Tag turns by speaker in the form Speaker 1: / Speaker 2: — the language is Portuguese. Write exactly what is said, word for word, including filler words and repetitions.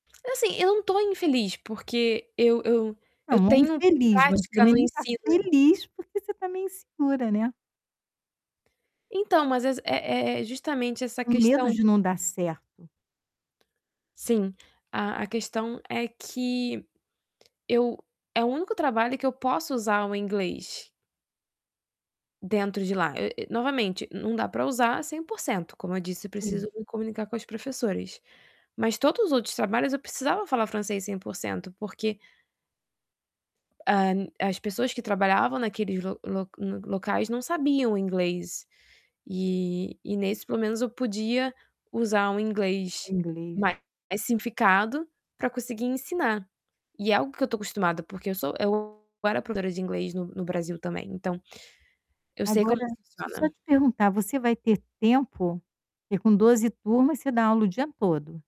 Speaker 1: Assim, eu não estou infeliz porque eu eu
Speaker 2: Não,
Speaker 1: eu
Speaker 2: não é
Speaker 1: tenho
Speaker 2: infeliz, mas você
Speaker 1: prática
Speaker 2: também
Speaker 1: no
Speaker 2: não está
Speaker 1: ensino.
Speaker 2: feliz porque você está meio insegura, né.
Speaker 1: Então mas é ex é é justamente essa
Speaker 2: Com medo
Speaker 1: questão.
Speaker 2: de não dar certo.
Speaker 1: Sim, a a questão é que eu é o único trabalho que eu posso usar o inglês dentro de lá, e e novamente não dá para usar cem por cento, como eu disse, eu
Speaker 2: Sim.
Speaker 1: preciso me comunicar com as professoras. Mas todos os outros trabalhos, eu precisava falar francês cem por cento, porque hã, as pessoas que trabalhavam naqueles lo lo lo locais não sabiam o inglês, e e nesse, pelo menos, eu podia usar um
Speaker 2: É
Speaker 1: inglês
Speaker 2: inglês.
Speaker 1: mais simplificado pra conseguir ensinar. E é algo que eu estou acostumada porque eu sou eu era professora de inglês no no Brasil também, então eu sei como
Speaker 2: Agora, deixa eu só
Speaker 1: funciona.
Speaker 2: te perguntar, você vai ter tempo? Porque com doze turmas, você dá aula o dia todo?